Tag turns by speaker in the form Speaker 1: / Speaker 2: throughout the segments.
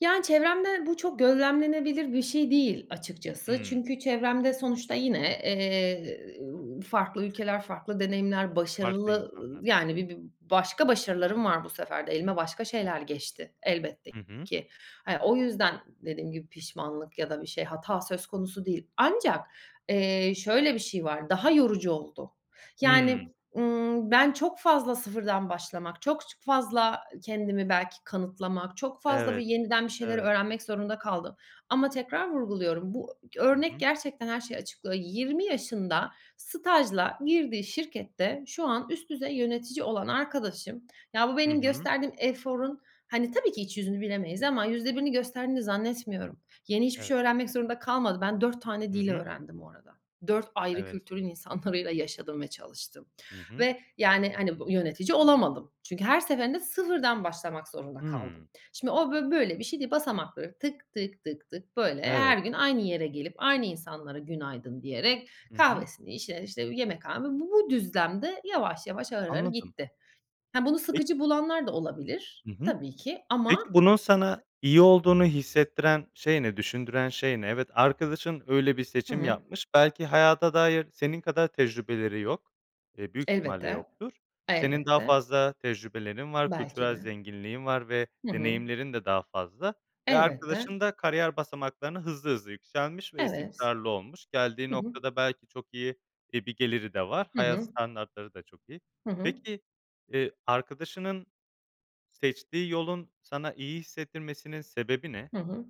Speaker 1: Yani çevremde bu çok gözlemlenebilir bir şey değil açıkçası.
Speaker 2: Hımm.
Speaker 1: Çünkü çevremde sonuçta yine, eee, ııı, farklı ülkeler, farklı deneyimler,
Speaker 2: Farklı
Speaker 1: başarılı ı
Speaker 2: insanlar.
Speaker 1: yani bi bir başka başarılarım var bu sefer de. Elime başka şeyler geçti elbette
Speaker 2: Hı hı.
Speaker 1: ki. Hani o yüzden dediğim gibi pişmanlık ya da bir şey, hata söz konusu değil. Ancak, eee, şöyle bir şey var. Daha yorucu oldu. Yani,
Speaker 2: Hımm.
Speaker 1: ımm, ben çok fazla sıfırdan başlamak, çok ç fazla kendimi belki kanıtlamak, çok fazla bir
Speaker 2: Evet.
Speaker 1: yeniden bir şeyleri
Speaker 2: Evet.
Speaker 1: öğrenmek zorunda kaldım. Ama tekrar vurguluyorum. Bu g
Speaker 2: Hı
Speaker 1: örnek
Speaker 2: hı.
Speaker 1: gerçekten her şeyi açıklıyor. 20 yaşında stajla girdiği şirkette şu an üst düzey yönetici olan arkadaşım ya bu
Speaker 2: Hı
Speaker 1: benim
Speaker 2: hı.
Speaker 1: gösterdiğim eforun hani tabii ki iç yüzünü bilemeyiz ama %1'ini gösterdiğini zannetmiyorum. Yeni hiçbir şey
Speaker 2: Evet.
Speaker 1: öğrenmek zorunda kalmadı. Ben 4 tane
Speaker 2: Hı
Speaker 1: dil
Speaker 2: hı.
Speaker 1: öğrendim bu arada. 4 ayrı
Speaker 2: Evet.
Speaker 1: kültürün insanlarıyla yaşadım ve çalıştım
Speaker 2: Hı hı.
Speaker 1: ve yani hani b yönetici olamadım. Çünkü her seferinde sıfırdan başlamak zorunda kaldım.
Speaker 2: Hımm.
Speaker 1: Şimdi o bo böyle bir şey değil. Basamakları tık tık tık tık, böyle, her
Speaker 2: Evet.
Speaker 1: gün aynı yere gelip aynı insanlara "günaydın" diyerek
Speaker 2: Hı hı.
Speaker 1: kahvesini içerek, işte, yemekhane bu bu düzlemde yavaş yavaş, ağır ağır
Speaker 2: Anladım.
Speaker 1: gitti. He, bunu sıkıcı
Speaker 2: Peki.
Speaker 1: bulanlar da olabilir
Speaker 2: Hı hı.
Speaker 1: tabii ki ama
Speaker 2: Peki, bunun sana iyi olduğunu hissettiren şey ne? Düşündüren şey ne? Evet, arkadaşın öyle bir
Speaker 1: Hı
Speaker 2: seçim
Speaker 1: hı.
Speaker 2: yapmış. Belki hayata dair senin kadar tecrübeleri yok. Eee, büyük ihtimalle
Speaker 1: Elbette.
Speaker 2: yoktur. Senin daha
Speaker 1: Elbette.
Speaker 2: fazla tecrübelerin var.
Speaker 1: Belki
Speaker 2: Kültürel
Speaker 1: de.
Speaker 2: zenginliğin var ve
Speaker 1: Hı hı.
Speaker 2: deneyimlerin de daha fazla ve
Speaker 1: Elbette.
Speaker 2: arkadaşın da kariyer basamaklarını hızlı hızlı yükselmiş ve
Speaker 1: Evet.
Speaker 2: istikrarlı olmuş geldiği
Speaker 1: Hı hı.
Speaker 2: noktada belki çok iyi bir geliri de var
Speaker 1: Hı
Speaker 2: hayat
Speaker 1: hı.
Speaker 2: standartları da çok iyi.
Speaker 1: Hı hı.
Speaker 2: Peki, eee, arkadaşının seçtiği yolun sana iyi hissettirmesinin sebebi ne?
Speaker 1: Hı hı.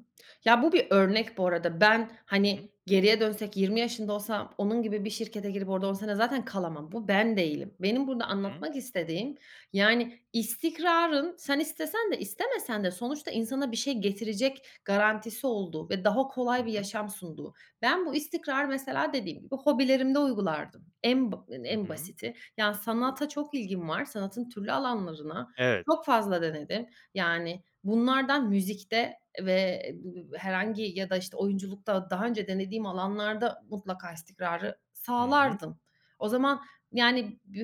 Speaker 1: Ya, bu bir örnek bu arada. Ben,
Speaker 2: Hı hı.
Speaker 1: hani, geriye dönsek 20 yaşında olsam onun gibi bir şirkete girip orada 10 sene zaten kalamam. Bu ben değilim. Benim burada
Speaker 2: Hı hı.
Speaker 1: anlatmak istediğim yani istikrarın sen istesen de istemesen de sonuçta insana bir şey getirecek garantisi olduğu ve daha
Speaker 2: Hı
Speaker 1: kolay bir
Speaker 2: hı.
Speaker 1: yaşam sunduğu. Ben bu istikrarı, mesela, dediğim gibi hobilerimde uygulardım. En b
Speaker 2: Hı
Speaker 1: en
Speaker 2: hı.
Speaker 1: basiti. Yani sanata çok ilgim var. Sanatın türlü alanlarına
Speaker 2: Evet.
Speaker 1: çok fazla denedim. Yani bunlardan müzikte ve e b b herhangi ya da, işte, oyunculukta daha önce denediğim alanlarda mutlaka istikrarı
Speaker 2: Hı hı.
Speaker 1: sağlardım. O zaman yani b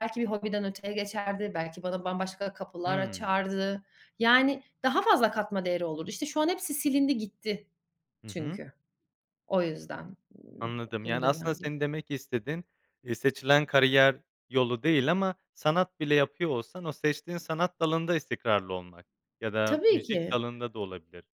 Speaker 1: belki bir hobiden öteye geçerdi. Belki bana bambaşka kapılar
Speaker 2: Hımm.
Speaker 1: açardı. Yani daha fazla katma değeri olurdu. İşte, şu an hepsi silindi gitti
Speaker 2: Hı hı.
Speaker 1: çünkü. O yüzden [unintelligible]
Speaker 2: Anladım
Speaker 1: bunu
Speaker 2: yani, aslında,
Speaker 1: denerdim.
Speaker 2: senin demek istediğin, iii, seçilen kariyer yolu değil ama sanat bile yapıyor olsan o seçtiğin sanat dalında istikrarlı olmak ya da
Speaker 1: Tabii
Speaker 2: müzik
Speaker 1: ki.
Speaker 2: dalında da olabilir.